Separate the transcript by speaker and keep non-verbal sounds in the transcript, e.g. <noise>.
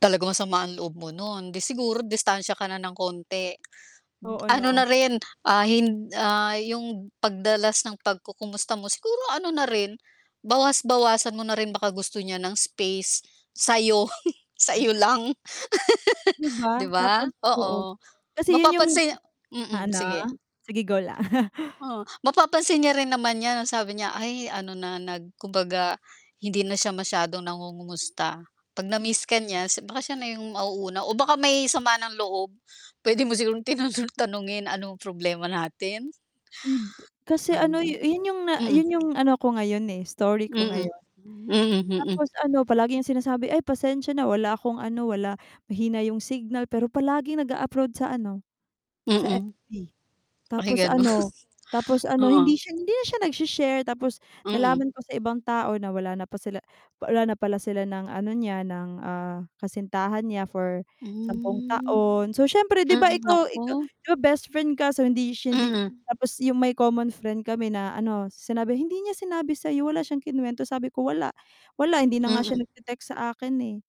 Speaker 1: Talagang masama ang loob mo non, 'di siguro distansya ka na ng konti. <clicks tongue>
Speaker 2: Oo,
Speaker 1: Ano na
Speaker 2: 'no?
Speaker 1: rin, ah, hin ah, yung pagdalas ng pagkukumusta mo siguro ano na rin, bawas-bawasan mo na rin baka gusto niya ng space sa'yo, <laughs> sa'yo lang.
Speaker 2: 'Di
Speaker 1: <laughs>
Speaker 2: ba?
Speaker 1: 'Di ba.
Speaker 2: Tapos. Oo.
Speaker 1: Oo.
Speaker 2: Kasi yun yung
Speaker 1: Mapapansin mm.
Speaker 2: ha, ano?
Speaker 1: Sige.
Speaker 2: Sige, go lang. <chuckles>
Speaker 1: Oh, mapapansin niya rin naman 'yan, ang sabi niya, "Ay ano na nag kumbaga hindi na siya masyadong nangungumusta." 'Pag
Speaker 2: M
Speaker 1: na-miss ka niya si baka siya na yung mauuna o baka may sama ng loob. Puwede mo sigurong tinano tanungin, anong problema natin?
Speaker 2: Hindi. Kasi
Speaker 1: Ano
Speaker 2: ano
Speaker 1: daw?
Speaker 2: yun yung na
Speaker 1: Mm.
Speaker 2: yun yung ano ko ngayon, eh, story ko
Speaker 1: Mm.
Speaker 2: ngayon.
Speaker 1: Mm, mm.
Speaker 2: Tapos ano palagi niyang sinasabi ay pasensya na wala akong ano, wala mahina yung signal, pero palaging nag-a-upload sa ano, sa
Speaker 1: Mm,
Speaker 2: FB.
Speaker 1: ay
Speaker 2: Tapos
Speaker 1: gano'n,
Speaker 2: ano, tapos ano, hindi
Speaker 1: oo.
Speaker 2: siya hindi na siya nagshe-share tapos
Speaker 1: Mm.
Speaker 2: nalaman ko sa ibang tao na wala na pala sila wala na pala sila ng ano niya, ng, ah, kasintahan niya for 10
Speaker 1: Hmm.
Speaker 2: taon. So, siyempre di ba
Speaker 1: Mm.
Speaker 2: ikaw ikaw
Speaker 1: Naku.
Speaker 2: di ba bestfriend ka so, hindi siya hindi
Speaker 1: Mm.
Speaker 2: tapos yung may common friend kami na ano sinabi, "hindi niya sinabi sa'yo, wala siyang kinuwento," sabi ko, "Wala. Wala. Hindi na nga siya
Speaker 1: Mm.
Speaker 2: nagte-text sa akin, eh."